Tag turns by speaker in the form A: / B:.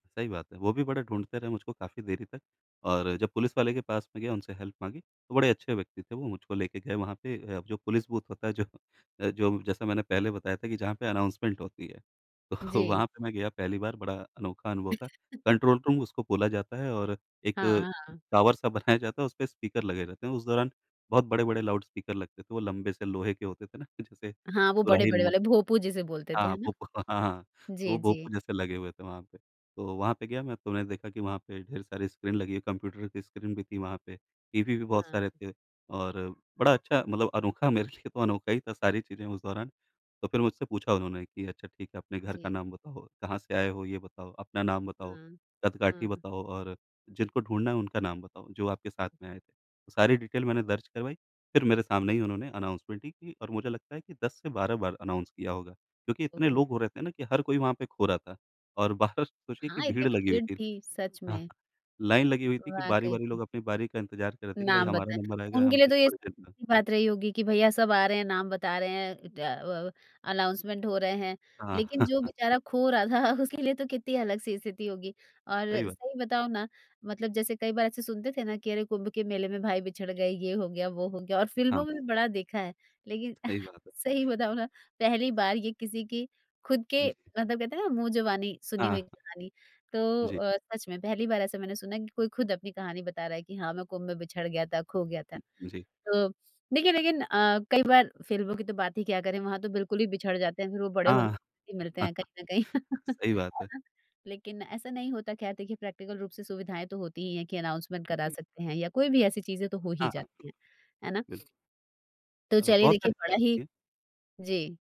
A: सही बात है। वो भी बड़ा ढूँढ़ते रहे मुझको काफ़ी देरी तक और जब पुलिस वाले के पास में गया उनसे हेल्प माँगी। तो बड़े अच्छे व्यक्ति थे वो मुझको लेके गए वहाँ पे अ, जो पुलिस बूथ होता है जो अ, जो जैसा मैंने पहले बताया था कि जहाँ पे अनाउंसमेंट होती है, तो
B: जी।
A: वहाँ पे मैं गया पहली बार बड़ा अनोखा अनुभव था। कंट्रोल रूम उसको बोला जाता है और एक
B: हाँ, हाँ।
A: टावर सा बनाया जाता है और उसपे स्पीकर लगे रहते हैं। उस दौरान बहुत बड़े-बड़े लाउडस्पीकर लगते थे, वो लंबे से लोहे के होते थे ना कि जैसे
B: हाँ, वो बड़े-बड़े
A: सुराहीनुमा।
B: वाला भोंपू जिसे बोलते थे
A: हाँ,
B: है ना?
A: भूप व हाँ, हाँ,
B: जी,
A: वो भोंपू
B: जी।
A: जैसे लगे हुए थे वहाँ पे। तो वहाँ पे गया मैं, तो मैंने देखा कि वहाँ पे ढेर सारी स्क्रीन लगी है, कंप्यूटर की स्क्रीन भी थी वहाँ पे। टीवी भी बहुत
B: हाँ।
A: सारे थे और बड़ा अच्छा मतलब अनोखा मेरे लिए तो अनोखा ही था सारी चीज़ें उस दौरान, तो फिर मुझसे पूछा उन्होंने कि, "अच्छा ठीक है, अपने घर का
B: जी।
A: नाम बताओ, कहाँ से आए हो ये बताओ, अपना नाम बताओ,
B: हुँ,
A: कद-काठी
B: हुँ।
A: बताओ और जिनको ढूँढ़ना है, उनका नाम बताओ जो आपके साथ में आए थे।" सारी डिटेल मैंने दर्ज करवाई फिर मेरे सामने ही उन्होंने अनाउंसमेंट ही की और मुझे लगता है कि 10 से 12 बार अनाउंस किया होगा। क्योंकि इतने
B: ओहो!
A: लोग हो रहे थे ना कि हर कोई वहाँ पे खो रहा था और बाहर सोचिए कि
B: हाँ, इतनी
A: भीड़ लगी हुई
B: भीड़
A: थी।
B: थी सच
A: हाँ,
B: में।
A: लाइन लगी हुई थी कि
B: वाक़ई।
A: बारी-बारी लोग अपनी बारी का इंतजार कर रहे थे कि भाई
B: नाम
A: हमारा
B: बताएँ,
A: नंबर आएगा
B: उनके
A: हम
B: लिए तो ये स
A: [unintelligible]
B: [unintelligible] बात रही होगी कि भईया सब आ रहे हैं, नाम बता रहे हैं अ अ, अनाउंसमेंट हो रहे हैं।
A: हाँ।
B: लेकिन जो बेचारा खो रहा था उसके लिए तो कितनी अलग सी स्थिति होगी और
A: सही बात।
B: सही बताऊँ ना मतलब जैसे कई बार ऐसे सुनते थे ना कि अरे, कुम्भ के मेले में भाई बिछड़ गए, ये हो गया, वो हो गया और
A: हाँ।
B: फ़िल्मों में बड़ा देखा है। लेकिन
A: सही बात है।
B: सही बताऊँ ना पहली बार ये किसी की खुद के
A: जी।
B: मतलब कहते हैं ना मुँह जुबानी सुनी हुई
A: हाँ।
B: कहानी तो
A: जी।
B: अ, सच में पहली बार ऐसा मैंने सुना है कि कोई खुद अपनी कहानी बता रहा है कि हाँ, मैं कुम्भ में बिछड़ गया था, खो गया था।
A: जी।
B: तो देखिए लेकिन अ, कई बार फिल्मों की तो बात ही क्या करें वहाँ तो बिल्कुल ही बिछड़ जाते हैं, फिर वो बड़े होने
A: हाँ।
B: ही मिलते हैं कहीं न कहीं।
A: सही बात
B: है
A: है।
B: ना? लेकिन ऐसा नहीं होता ख़ैर देखिए प्रैक्टिकल रूप से सुविधाएँ तो होती ही है कि अनाउंसमेंट करा
A: जी।
B: सकते हैं या कोई भी ऐसी चीज़ें तो हो ही
A: हाँ, हाँ।
B: जाती हैं। है ना?
A: बिल्क
B: तो
A: अ,
B: चलिए
A: बहुत
B: देखिए
A: सारी
B: बड़ा
A: चीज़ें
B: ही
A: होती है।
B: जी।